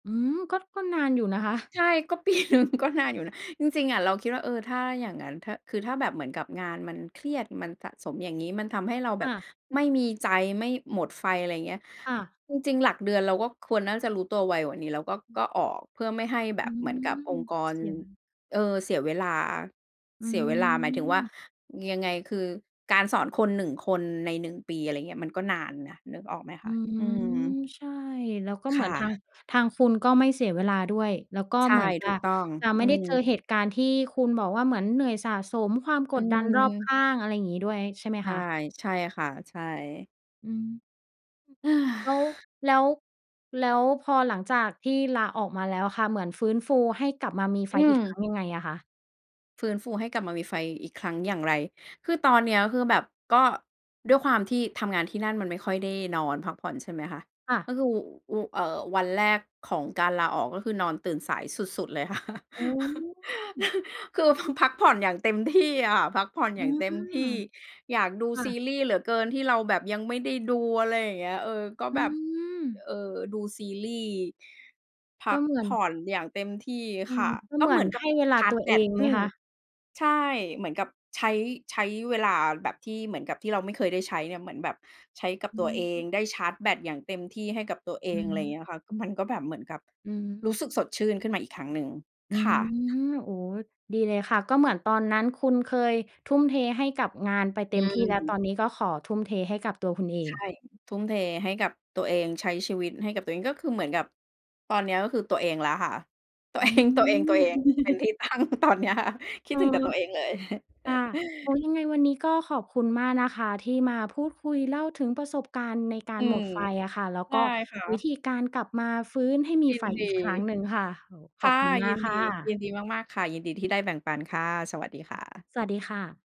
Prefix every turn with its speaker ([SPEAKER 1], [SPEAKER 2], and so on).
[SPEAKER 1] อืม ก็ ก็นานอยู่นะคะ
[SPEAKER 2] ใช่ ก็ ปีหนึ่ง ก็นานอยู่นะ จริง ๆ อะ เราคิดว่า เออ ถ้าอย่างงั้น ถ้า คือถ้าแบบเหมือนกับงานมันเครียด มันสะสมอย่างนี้ มันทำให้เราแบ
[SPEAKER 1] ค่
[SPEAKER 2] บ
[SPEAKER 1] ะ
[SPEAKER 2] ไม่มีใจ ไม่ หมดไฟ อะไรเงี้ย
[SPEAKER 1] ค่ะ
[SPEAKER 2] จริง ๆ หลักเดือนเราก็ควรน่าจะรู้ตัวไวกว่านี้ แล้วก็
[SPEAKER 1] อืม
[SPEAKER 2] ก็ออก เพื่อไม่ให้แบ
[SPEAKER 1] อื
[SPEAKER 2] บเหมือนกับอง
[SPEAKER 1] ม
[SPEAKER 2] ค์กร
[SPEAKER 1] เสีย
[SPEAKER 2] เออ เสียเวลา
[SPEAKER 1] อื
[SPEAKER 2] เสียเวลา หมายถึงว่า
[SPEAKER 1] ม
[SPEAKER 2] ยังไง คือ การสอนคน 1 คนใน 1 ปี อะไรเงี้ย มันก็นานนะ นึกออกไหมค
[SPEAKER 1] อื
[SPEAKER 2] ะ?
[SPEAKER 1] ม
[SPEAKER 2] อืม
[SPEAKER 1] ใช่ แล้วก็เ
[SPEAKER 2] ค
[SPEAKER 1] หมื
[SPEAKER 2] ่
[SPEAKER 1] อนทาง
[SPEAKER 2] ะ
[SPEAKER 1] ทางคุณก็ไม่เสียเวลาด้วย แล้วก็
[SPEAKER 2] ใช่
[SPEAKER 1] เหมือนจ
[SPEAKER 2] ถ
[SPEAKER 1] ะ
[SPEAKER 2] ูกต้อง
[SPEAKER 1] จะ
[SPEAKER 2] อ
[SPEAKER 1] ไ
[SPEAKER 2] ื
[SPEAKER 1] ม่ได้เจอ
[SPEAKER 2] ม
[SPEAKER 1] เหตุการณ์ที่คุณบอกว่า เหมือนเหนื่อยสะสมความ
[SPEAKER 2] อ
[SPEAKER 1] ก
[SPEAKER 2] ื
[SPEAKER 1] ดดันรอบข
[SPEAKER 2] ม
[SPEAKER 1] ้าง อะไรอย่างงี้ด้วย ใช่ไหม
[SPEAKER 2] ใช
[SPEAKER 1] ค
[SPEAKER 2] ่
[SPEAKER 1] ะ?
[SPEAKER 2] ใช่ค่ะ ใช่
[SPEAKER 1] อืม
[SPEAKER 2] เฮ้
[SPEAKER 1] แล้ว
[SPEAKER 2] อ
[SPEAKER 1] แล้ว แล้วพอหลังจากที่ลาออกมาแล้วค่ะ เหมือนฟื้นฟูให้กลับมามี
[SPEAKER 2] อ
[SPEAKER 1] ไฟ
[SPEAKER 2] ื
[SPEAKER 1] อีกค
[SPEAKER 2] ม
[SPEAKER 1] รั้งยังไงอะคะ?
[SPEAKER 2] ฟื้นฟูให้กลับมามีไฟอีกครั้งอย่างไร? คือตอนเนี้ย คือแบบ ก็ด้วยความที่ทำงานที่นั่น มันไม่ค่อยได้นอนพักผ่อนใช่ไหมคะ?
[SPEAKER 1] ค่
[SPEAKER 2] ก็
[SPEAKER 1] ะ
[SPEAKER 2] คือ อู เอ่อ วันแรกของการลาออก ก็คือนอนตื่นสายสุด ๆ เลย ค่ะ
[SPEAKER 1] อ๋อ
[SPEAKER 2] คือ พ พักผ่อนอย่างเต็มที่อะ พักผ่อน
[SPEAKER 1] อ
[SPEAKER 2] อ
[SPEAKER 1] ื
[SPEAKER 2] ย่าง
[SPEAKER 1] ม
[SPEAKER 2] เต็มที่ อยากดู
[SPEAKER 1] ค่
[SPEAKER 2] ซี
[SPEAKER 1] ะ
[SPEAKER 2] รีส์เหลือเกิน ที่เราแบบยังไม่ได้ดู อะไรอย่างเงี้ย เออ ก็
[SPEAKER 1] อื
[SPEAKER 2] แบบ
[SPEAKER 1] ม
[SPEAKER 2] เออ ดูซีรีส์ พ
[SPEAKER 1] ก
[SPEAKER 2] ั
[SPEAKER 1] ็
[SPEAKER 2] ก
[SPEAKER 1] เหมือ
[SPEAKER 2] ผ
[SPEAKER 1] น
[SPEAKER 2] ่อนอย่างเต็มที่
[SPEAKER 1] อื
[SPEAKER 2] ค
[SPEAKER 1] ม
[SPEAKER 2] ่ะ
[SPEAKER 1] ก็
[SPEAKER 2] ก็
[SPEAKER 1] เหม
[SPEAKER 2] เ
[SPEAKER 1] ื
[SPEAKER 2] ห
[SPEAKER 1] อ
[SPEAKER 2] มื
[SPEAKER 1] น
[SPEAKER 2] อนกั
[SPEAKER 1] ให
[SPEAKER 2] บ
[SPEAKER 1] ้เวลา
[SPEAKER 2] ชาร
[SPEAKER 1] ต
[SPEAKER 2] ์จ
[SPEAKER 1] ัว
[SPEAKER 2] แบ
[SPEAKER 1] เอ
[SPEAKER 2] ต
[SPEAKER 1] งไ
[SPEAKER 2] อ
[SPEAKER 1] หม
[SPEAKER 2] ืม
[SPEAKER 1] คะ?
[SPEAKER 2] ใช่ เหมือนกับใช้ ใช้เวลาแบบที่เหมือนกับที่เราไม่เคยได้ใช้เนี่ย เหมือนแบบใช้กับ
[SPEAKER 1] อื
[SPEAKER 2] ตัวเอง
[SPEAKER 1] ม
[SPEAKER 2] ได้ชาร์จแบตอย่างเต็มที่ให้กับตัวเอ
[SPEAKER 1] อื
[SPEAKER 2] ง อะไร
[SPEAKER 1] ม
[SPEAKER 2] เงี้ยค่ะ มันก็แบบเหมือนกับ
[SPEAKER 1] อื
[SPEAKER 2] รู
[SPEAKER 1] ม
[SPEAKER 2] ้สึกสดชื่นขึ้นมาอีกครั้งหนึ่ง
[SPEAKER 1] อื
[SPEAKER 2] ค่ะ
[SPEAKER 1] ม โอ้ ดีเลยค่ะ ก็เหมือนตอนนั้นคุณเคยทุ่มเทให้กับงานไปเต
[SPEAKER 2] อ
[SPEAKER 1] ็มที่แล้ว ต
[SPEAKER 2] ืม
[SPEAKER 1] อนนี้ก็ขอทุ่มเทให้กับตัวคุณเอ
[SPEAKER 2] ใช
[SPEAKER 1] ง
[SPEAKER 2] ่ ทุ่มเทให้กับตัวเอง ใช้ชีวิตให้กับตัวเอง ก็คือเหมือนกับตอนเนี้ย ก็คือตัวเองแล้วค่ะ ตัว
[SPEAKER 1] อื
[SPEAKER 2] เอง ตัวเอ
[SPEAKER 1] ม
[SPEAKER 2] ง ๆ เป็นที่ ตั้งตอนเนี้ยค่ะ คิ
[SPEAKER 1] เ
[SPEAKER 2] ด
[SPEAKER 1] ออ
[SPEAKER 2] ถึงแต่ตัวเองเลย
[SPEAKER 1] ค่ะ โอ้ ยังไงวันนี้ก็ขอบคุณมากนะคะ ที่มาพูดคุยเล่าถึงประสบการณ์ในกา
[SPEAKER 2] อื
[SPEAKER 1] รหม
[SPEAKER 2] ม
[SPEAKER 1] ดไฟอะค่ะ แล้ว
[SPEAKER 2] ใช
[SPEAKER 1] ก
[SPEAKER 2] ่
[SPEAKER 1] ็
[SPEAKER 2] ค่
[SPEAKER 1] วิ
[SPEAKER 2] ะ
[SPEAKER 1] ธีการกลับมาฟื้นให้มี
[SPEAKER 2] ยิ
[SPEAKER 1] ไฟ
[SPEAKER 2] นด
[SPEAKER 1] อ
[SPEAKER 2] ี
[SPEAKER 1] ีกครั้งหนึ่งค่ะ โอ้
[SPEAKER 2] ค
[SPEAKER 1] ขอ
[SPEAKER 2] ่
[SPEAKER 1] บ
[SPEAKER 2] ะ
[SPEAKER 1] คุณม
[SPEAKER 2] ย
[SPEAKER 1] า
[SPEAKER 2] ิ
[SPEAKER 1] ก
[SPEAKER 2] น
[SPEAKER 1] ค
[SPEAKER 2] ดี
[SPEAKER 1] ่
[SPEAKER 2] ยิ
[SPEAKER 1] ะ
[SPEAKER 2] นดีมาก ๆ ค่ะ ยินดีที่ได้แบ่งปันค่ะ สวัสดีค่ะ
[SPEAKER 1] สวัสดีค่ะ